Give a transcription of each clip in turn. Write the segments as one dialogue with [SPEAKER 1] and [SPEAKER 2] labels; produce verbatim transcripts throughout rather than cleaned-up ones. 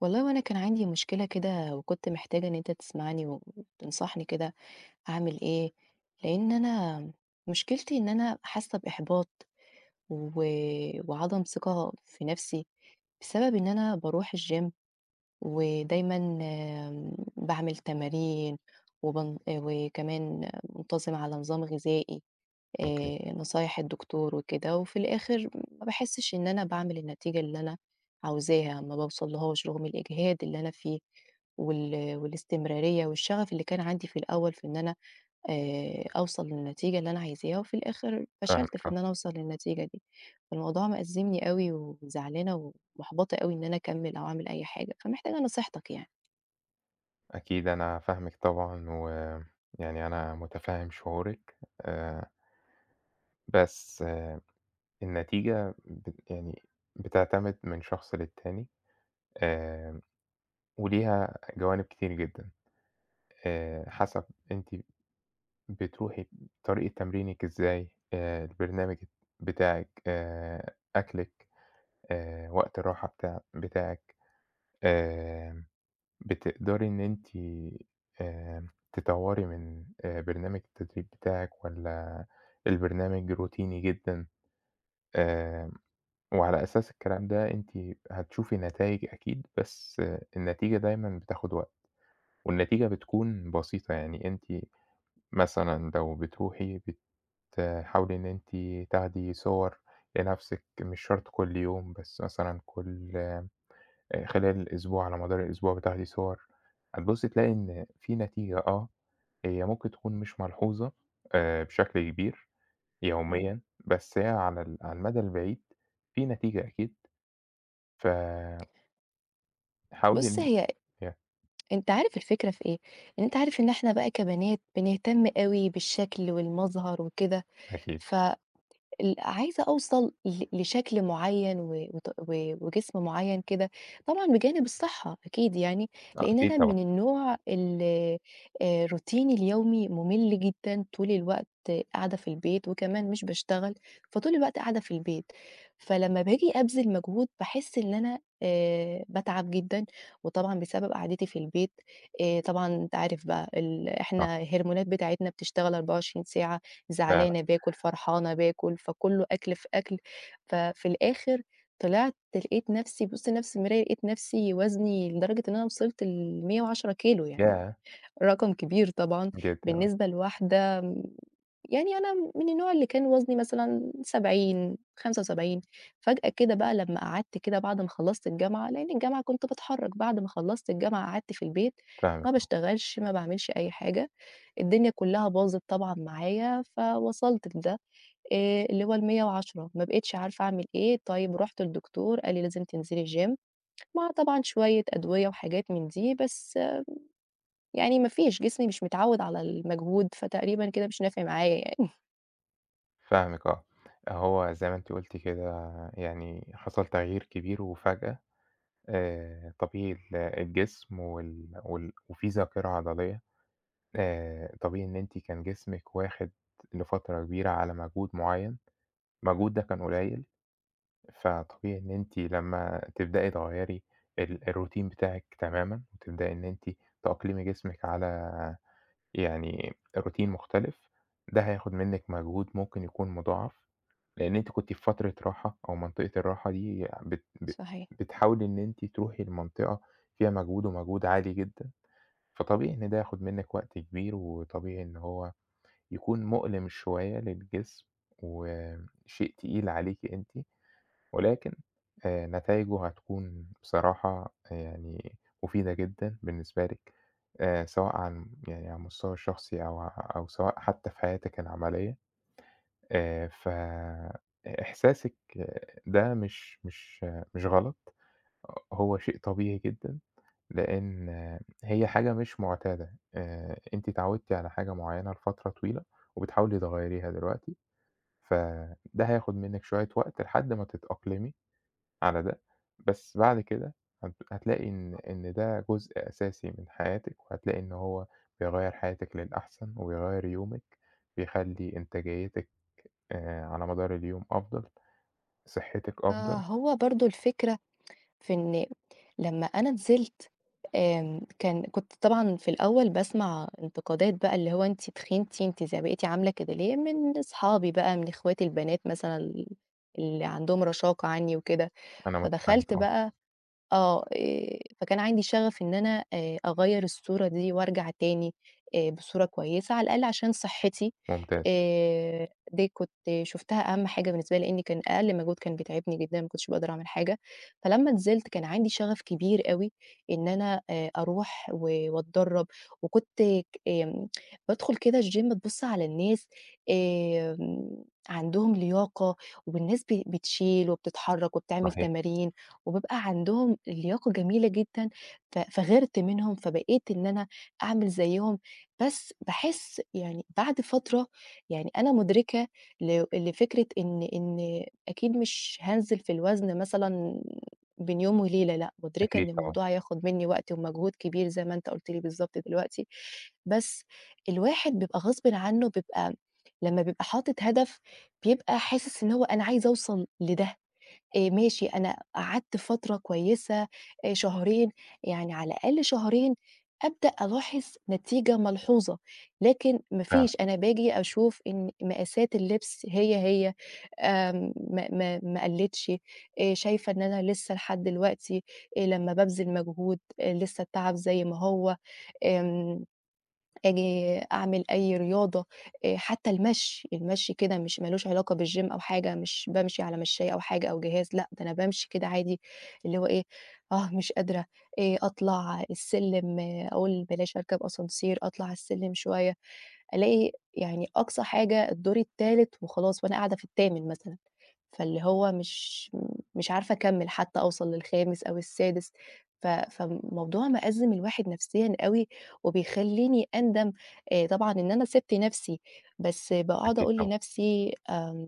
[SPEAKER 1] والله هو أنا كان عَندي مشكلة كده وكُنت محتاجة إن أنت تسمعني و وتنصحني كده، أعمل إيه، لإن أنا، مشكلتي إن أنا حاسّة بإحباط، و وعدم ثقة في نَفْسي، بسبب إن أنا باروح الچيم ودايمًا م باعمل تمارين، وبن آآ وكمان منتظمة على نظام غذائي،
[SPEAKER 2] أوكي.
[SPEAKER 1] آآ نصايح الدكتور وكده وفي الآخر ما باحِسش إن أنا باعمل النتيجة اللي أنا عاوزاها ما باوصلهاش رغم الإجهاد اللي أنا فيه وال والاستمرارية والشغف اللي كان عَندي في الأوّل في إن أنا آآ أوصل للنتيجة اللي أنا عايزاها وفي الآخر فشلت
[SPEAKER 2] فاهمِك
[SPEAKER 1] في إن
[SPEAKER 2] آه.
[SPEAKER 1] أنا أوصل للنتيجة دي؛ فالموضوع مأزّمني أوي وزعلانة ومُحبَطَة أوي إن أنا أكمل أو أعمل أي حاجة، فمحتاجة نصيحتك يعني.
[SPEAKER 2] أكيد أنا فاهمِك طبعًا و يعني أنا مُتفّهم شعورِك، آآ. بس النتيجة بت يعني بتعتمد من شخص للتاني آمم وليها جوانب كتير جدًا، آآ حسب أنتِ بتروحي ب طريقة تمرينِك إزاي، آآ البرنامج الت بتاعِك آآ أكلِك، آآ وقت الراحة بتاع بتاعِك، آمم بتقدرى إن أنتِ آمم تطوري من آآ برنامج التدريب بتاعِك والّا البرنامج روتيني جدًا، آمم وعلى أساس الكلام ده أنتِ هتشوفي نتايج أكيد بس النتيجة دايمًا بتاخد وقت، والنتيجة بتكون بَسيطة، يعني أنتِ مثلًا لو بتروحي بتحاولي إن أنتِ تاخدي صور لنَفْسِك مش شرط كل يوم بس مثلًا كل خلال الأسبوع على مدار الأسبوع بتاخدي صور، هتبُصي تلاقي إن، في نتيجة آه، هي ممكن تكون مش ملحوظة، آآ بشكل كبير،
[SPEAKER 1] اهم.
[SPEAKER 2] يوميًا، بس هي على ال على المدى البعيد، في نتيجة أكيد، ف حاولي
[SPEAKER 1] بُص
[SPEAKER 2] إن
[SPEAKER 1] هي
[SPEAKER 2] [unintelligible]
[SPEAKER 1] أنت عارف الفكرة في إيه؟ إن أنت عارف إن إحنا بقى كبنات بنهتم أوي بالشكل والمظهر وكده
[SPEAKER 2] أكيد.
[SPEAKER 1] ف ال عايزة أوصَل ل لشكل معيّن و وت و وجسم معيّن كده، طبعًا بجانب الصحّة أكيد يعني،
[SPEAKER 2] آه،
[SPEAKER 1] لإن
[SPEAKER 2] أكيد
[SPEAKER 1] أنا
[SPEAKER 2] طبعًا.
[SPEAKER 1] من النوع ال آآ روتيني اليومي مُمِل جدًا، طول الوقت قاعدة في البيت، وكمان مش باشتغل، فطول الوقت قاعدة في البيت. فلمّا باجي أبذِل مجهود، باحِس اللي أنا آآ باتعب جدًا، وطبعًا بسبب قعدتي في البيت آآ طبعًا أنت عارف بقى ال
[SPEAKER 2] صح.
[SPEAKER 1] إحنا الهرمونات بتاعتنا بتشتغل أربعة وعشرين ساعة،
[SPEAKER 2] فعلًا.
[SPEAKER 1] زعلانة باكل، فرحانة باكل، فكُلّه أكل في أكل، ففي الآخر طلعت لقيت نَفْسي بابُص لنَفْسي في المراية لقيت نَفْسي وزني لدرجة إن أنا وصلت لمِيّة وعشرة كيلو، يعني
[SPEAKER 2] ياه!
[SPEAKER 1] رقم كبير طبعًا
[SPEAKER 2] جدًا، آه.
[SPEAKER 1] بالنسبة لواحدة م يعني أنا م من النوع اللي كان وزني مثلًا سبعين خمسة وسبعين فجأة كده بقى لمّا قعدت كده بعد ما خلّصت الجامعة -لإن الجامعة كنت باتحرّك بعد ما خلّصت الجامعة، قعدت في البيت،
[SPEAKER 2] فاهمِك
[SPEAKER 1] ما
[SPEAKER 2] آه.
[SPEAKER 1] باشتغلش، ما باعملش أي حاجة. الدنيا كلّها باظت طبعًا معايا، فوصلت لده، آآ اللي هو المِيّة وعشرة ما بقيتش عارفة أعمل إيه، طيّب رُحت لدكتور، قال لي لازم تنزلي gym مع طبعًا شويّة أدوية، وحاجات من دي بس م يعني ما فيش جسمي مش متعوّد على المجهود، فتقريبًا كده مش نافع معايا يعني.
[SPEAKER 2] فاهمِك آه. أهو زي ما أنتِ قُلتِ كده يعني حصل تغيير كبير وفجأة، آآ طبيعي ال الجسم وال وال وفي ذاكرة عضلية، آآ طبيعي إن أنتِ كان جسمِك واخِد لفترة كبيرة على مجهود معيّن، المجهود ده كان قليّل، فطبيعي إن أنتِ لمّا تبدئي تغيّري ال الroutine بتاعِك تمامًا وتبدئي إن أنتِ تأقلمي جسمِك على يعني الroutine مختلف، ده هياخُد منِّك مجهود ممكن يكون مُضاعف، لإن أنتِ كنتِ في فترة راحة أو منطقة الراحة دي ع بت بت
[SPEAKER 1] صحيح.
[SPEAKER 2] بتحاولي إن أنتِ تروحي لمنطقة فيها مجهود ومجهود عالي جدًا، فطبيعي إن ده ياخُد منِّك وقت كبير وطبيعي إن هو يكون مؤلِم شوية للجسم وم شيء تقيل عليكِ أنتِ ولكن آآ نتايجه هتكون بصراحة آآ يعني مُفيدة جدًا بالنسبة لِك آآ سواء عن يعني على المستوى الشخصي أو ع أو سواء حتّى في حياتِك العملية. آآ ف إ إحساسِك ده مش مش مش غلط، ه هو شيء طبيعي جدًا، لإن هي حاجة مش مُعتادة، آآ أنتِ اتعوّدتِ على حاجة معيّنة لفترة طويلة وبتحاولي تغيّريها دلوقتي، فده هياخُد منِّك شوية وقت لحد ما تتأقلمي على ده، بس بعد كده هتب هتلاقي إن إن ده جزء أساسي من حياتِك وهتلاقي إن هو بيغيّر حياتِك للأحسن وبيغيّر يومِك، بيخلّي إنتاجيّتِك آآ على مدار اليوم أفضل، صحّتِك
[SPEAKER 1] آه،
[SPEAKER 2] أفضل.
[SPEAKER 1] هو برضه الفكرة في إن م لمّا أنا نزلت آمم كان كنت طبعًا في الأول باسمع انتقادات بقى اللي هو أنتِ تخنتِ، أنتِ ز بقيتِ عاملة كده ليه؟! من أصحابي بقى، من إخواتي البنات مثلًا ال اللي عندهم رشاقة عنّي وكده،
[SPEAKER 2] أنا مُتفهمِك
[SPEAKER 1] فدخلت
[SPEAKER 2] آه.
[SPEAKER 1] بقى آه، آآ فكان عندي شَغَف إن أنا آآ أغيّر الصورة دي وأرجع تاني آآ بصورة كويسة على الأقَل عشان صحِّتي
[SPEAKER 2] ممتاز.
[SPEAKER 1] آآ دي كنت شُفتها أهَم حاجة بالنسبة لي لإن كان أقل مجهود كان بيتعبني جدًا ما كنتش باقدر أعمل حاجة. فلمّا نزلت كان عندي شَغَف كبير أوي إن أنا آآ أروح و واتدرّب وكنت ك آمم بادخُل كده الgym أبُص على الناس آمم عندهم لياقة وب الناس ب بتشيل وبتتحرّك وبتعمل
[SPEAKER 2] صحيح.
[SPEAKER 1] تمارين وبيبقى عندهم الياقة جميلة جدًا ف فغيِرت منهم، فبقيت إن أنا أعمل زيّهم، بس باحس يعني بعد فترة يعني أنا مُدركة لو لفكرة إن إن أكيد مش هانزل في الوزن مثلًا بين يوم وليلة لأ، مُدركة
[SPEAKER 2] أكيد
[SPEAKER 1] إن
[SPEAKER 2] طبعًا
[SPEAKER 1] الموضوع هياخُد منّي وقت ومجهود كبير زي ما أنت قُلت لي بالضبط دلوقتي، بس الواحد بيبقى غصبٍ عنّه بيبقى لمّا بيبقى حاطط هدف، بيبقى حاسِس إن هو أنا عايزة أوصل لده. آآ ماشي، أنا قعدت فترة كويسة آآ شهرين، يعني على الأقل شهرين أبدأ ألاحظ نتيجة ملحوظة، لكن ما
[SPEAKER 2] فعلًا.
[SPEAKER 1] فيش، أنا باجي أشوف إن مقاسات اللبس هي، هي آمم ما ما ما قلّتش، آآ شايفة إن أنا لسّه لحد الوقتي آآ لمّا بابذل مجهود آآ لسّه التعب زي ما هو، آمم آجي أعمل أي رياضة آآ حتّى المشي، المشي كده مش ما لهوش علاقة بالgym أو حاجة مش بامشي على مشّاية أو حاجة أو جهاز لأ، ده أنا بامشي كده عادي اللي هو إيه، آه، مش قادرة، آآ أطلع السلّم أقول بلاش أركب ascenseur أطلع على السلّمِ شوية، ألاقي يعني أقصى حاجة الدور التالت وخلاص وأنا قاعدة في التامن مثلًا، فاللي هو مش مش عارفة أكمّل حتّى أوصل للخامس أو السادس، ف فالموضوع مأزِّم الواحد نَفْسيًا أوي وبيخلّيني أندم آآ طبعًا إن أنا سِبت نَفْسي، بس باقعُد
[SPEAKER 2] أكيد
[SPEAKER 1] أقول
[SPEAKER 2] طبعًا.
[SPEAKER 1] لنَفْسي آمم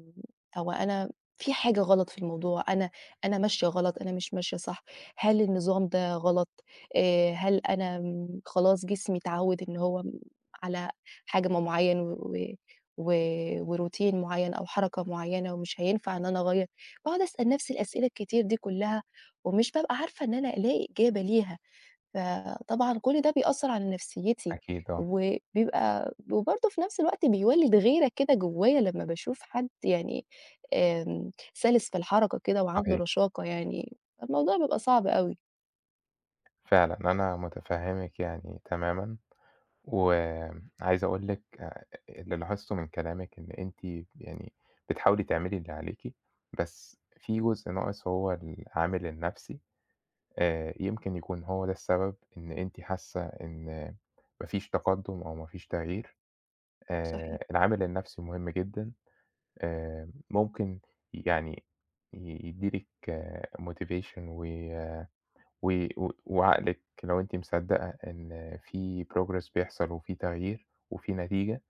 [SPEAKER 1] هو أنا في حاجة غلط في الموضوع، أنا أنا ماشية غلط، أنا مش ماشية صح، هل النظام ده غلط، آآ هل أنا م خلاص جسمي اتعوّد إن هو م على حجم معيّن و و و وroutine معيّن أو حركة معيّنة ومش هينفع إن أنا أغيّر. باقعُد أسأل نَفْسي الأسئلة الكتير دي كّلها ومش بابقى عارفة إن أنا ألاقي إجابة ليها، فطبعًا كل ده بيأثّر على نَفْسيّتي
[SPEAKER 2] أكيد آه.
[SPEAKER 1] وبيبقى وبرضه في نَفْس الوقت بيولِّد غيرة كده جوّايا لمّا باشوف حد يعني آمم سَلِس في الحركة كده وعنده
[SPEAKER 2] صحيح.
[SPEAKER 1] رشاقة يعني، فالموضوع بيبقى صعب أوي.
[SPEAKER 2] فعلًا، أنا مُتفهّمِك يعني تمامًا وم عايز أقول لِك آآ اللي لاحظته من كلامِك إن أنتِ ب يعني بتحاولي تعملي اللي عليكِ، بس في جزء ناقص هو العامل النَفْسي، آآ يمكن يكون هو ده السبب إن أنتِ حاسّة إن ما فيش تقدُّم أو ما فيش تغيير، آآ
[SPEAKER 1] صحيح.
[SPEAKER 2] العامل النَفْسي مهم جدًا. آمم ممكن ي يعني ي يدّي لِك motivation وي وي و وعقلِك لو أنتِ مصدَّقة إن في progress بيحصل وفي تغيير وفي نتيجة،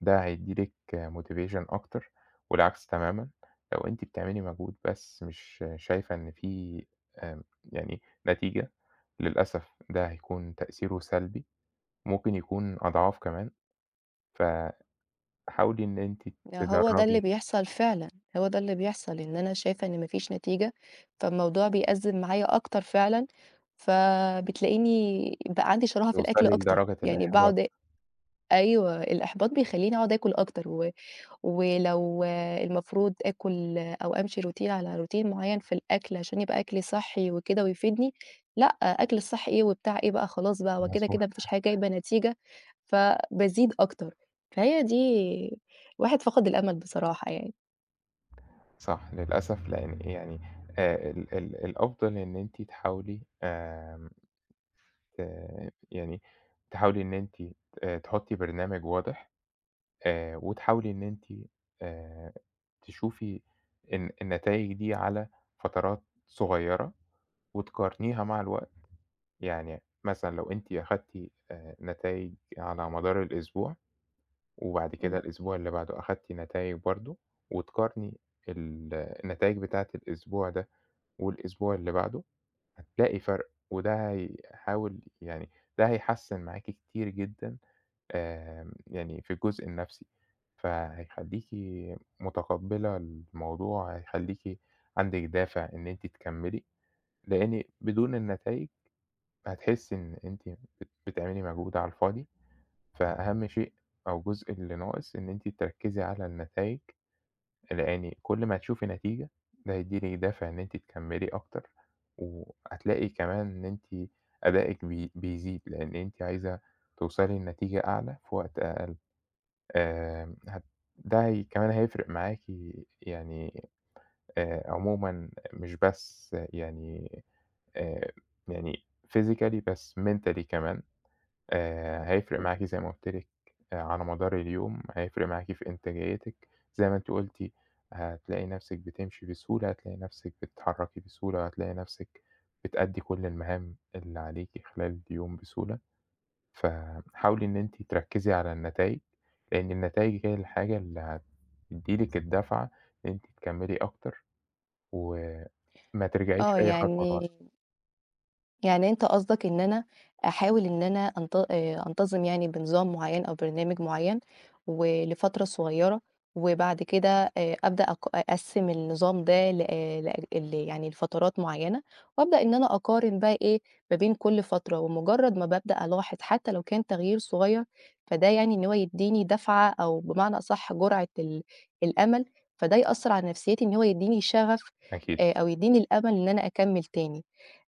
[SPEAKER 2] ده هيدّي لِك motivation أكتر والعكس تمامًا، لو أنتِ بتعملي مجهود بس مش شايفة إن في آمم يعني نتيجة، للأسف ده هيكون تأثيره سلبي، ممكن يكون أضعاف كمان. ف حاولي إن أنتِ
[SPEAKER 1] ده هو ده اللي
[SPEAKER 2] تجرّبي
[SPEAKER 1] بيحصل فعلًا، هو ده اللي بيحصل إن أنا شايفة إن ما فيش نتيجة، فالموضوع بيأزِّم معايا أكتر فعلًا، فبتلاقيني بقى عندي شَراهة في الأكل
[SPEAKER 2] توصلي
[SPEAKER 1] أكتر.
[SPEAKER 2] لدرجة
[SPEAKER 1] يعني
[SPEAKER 2] الإحباط.
[SPEAKER 1] باقعُد أيوه، الإحباط بيخلّيني أقعُد آكُل أكتر و ولو المفروض آكُل أو أمشي routine على routine معيّن في الأكل عشان يبقى أكلي صحّي وكده ويفيدني لأ، أكل الصحّي إيه وبتاع إيه بقى خلاص بقى هو كده،
[SPEAKER 2] مضبوط.
[SPEAKER 1] كده ما فيش حاجة جايبة نتيجة، فبازيد أكتر، فهي دي الواحد فقد الأمل بصراحة يعني.
[SPEAKER 2] صح للأسف، لإن آآ يعني آآ ال ال الأفضل إن أنتِ تحاولي آمم، آآ، يعني تحاولي إن أنتِ آآ تحُطّي برنامج واضح آآ، وتحاولي إن أنتِ آآ تشوفي الن النتايج دي على فترات صغيرة وتقارنيها مع الوقت، يعني مثلًا لو أنتِ أخدتِ آآ، نتايج على مدار الأسبوع وبعد كده
[SPEAKER 1] إمم.
[SPEAKER 2] الأسبوع اللي بعده أخدتِ نتايج برضه وتقارني ال النتايج بتاعة الأسبوع ده والأسبوع اللي بعده، هتلاقي فرق وده هيحاول يعني ده هيحسِّن معاكِ كتير جدًا آمم يعني في الجزء النَفْسي. فهيخلّيكِ مُتقبَّلة الموضوع، هيخلّيكِ عندِك دافع إن أنتِ تكمِّلي، لإن بدون النتايج هتحسّي إن أنتِ بت بتعملي مجهود على الفاضي. فأهم شيء أو الجزء اللي ناقص، إن أنتِ تركِّزي على النتايج، لإن كل ما هتشوفي نتيجة، ده هيدّي لكِ دافع إن أنتِ تكمِّلي أكتر وهتلاقي كمان إن أنتِ أدائِك بي بيزيد، لإن أنتِ عايزة توصلي لنتيجة أعلى في وقت أقل. آآ هت ده هي كمان هيفرق معاكِ يعني آآ عمومًا مش بس يعني آآ، يعني Physically بس Mentally كمان، آآ هيفرق معاكِ
[SPEAKER 1] إمم.
[SPEAKER 2] زي ما قُلت لِك على مدار اليوم، هيفرق معاكِ في إنتاجيتِك. زي ما أنتِ قُلتِ هتلاقي نَفْسِك بتمشي بسهولة، هتلاقي نَفْسِك بتتحرّكي بسهولة وهتلاقي نَفْسِك بتأدّي كل المهام اللي عليكِ خلال اليوم بسهولة. فحاولي إن أنتِ تركِّزي على النتايج، لإن النتايج هي الحاجة اللي هتدّي لِك الدفعة إن أنتِ تكمِّلي أكتر وما ترجعيش
[SPEAKER 1] آه،
[SPEAKER 2] أي خطوة لورا.
[SPEAKER 1] يعني يعني أنت قصدك إن أنا أحاول إن أنا أنت آآ أنتظم يعني بنظام معيّن أو برنامج معيّن ولفترة صغيرة وبعد كده آآ أبدأ أق أقسِّم النظام ده لأ لأ ال يعني لفترات معيّنة وأبدأ إن أنا أقارن بقى إيه، ما بين كل فترة ومُجرّد ما بابدأ ألاحظ حتّى لو كان تغيير صغير، فده يعني إن هو يدّيني دَفعة أو بمعنى أصح جُرعة ال الأمل، فده يأثّر على نَفْسيتي إن هو يدّيني شغف
[SPEAKER 2] أكيد.
[SPEAKER 1] آآ أو يدّيني الأمل إن أنا أكمِّل تاني.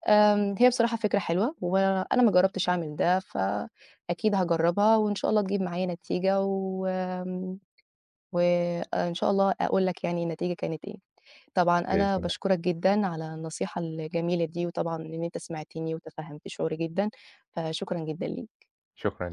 [SPEAKER 1] آمم هي بصراحة فكرة حلوة وأنا ما جرّبتش أعمل ده، فأكيد هاجرّبها وإن شاء الله تجيب معايا نتيجة وآمم، وإن شاء الله أقول لك يعني النتيجة كانت إيه. طبعًا
[SPEAKER 2] بإذن
[SPEAKER 1] أنا
[SPEAKER 2] الله.
[SPEAKER 1] باشكرك جدًا على النصيحة الجميلة دي وطبعًا إن أنت سمعتني وتفهَّمت شعوري جدًا، فشكرًا جدًا ليك.
[SPEAKER 2] شكرًا ليكِ.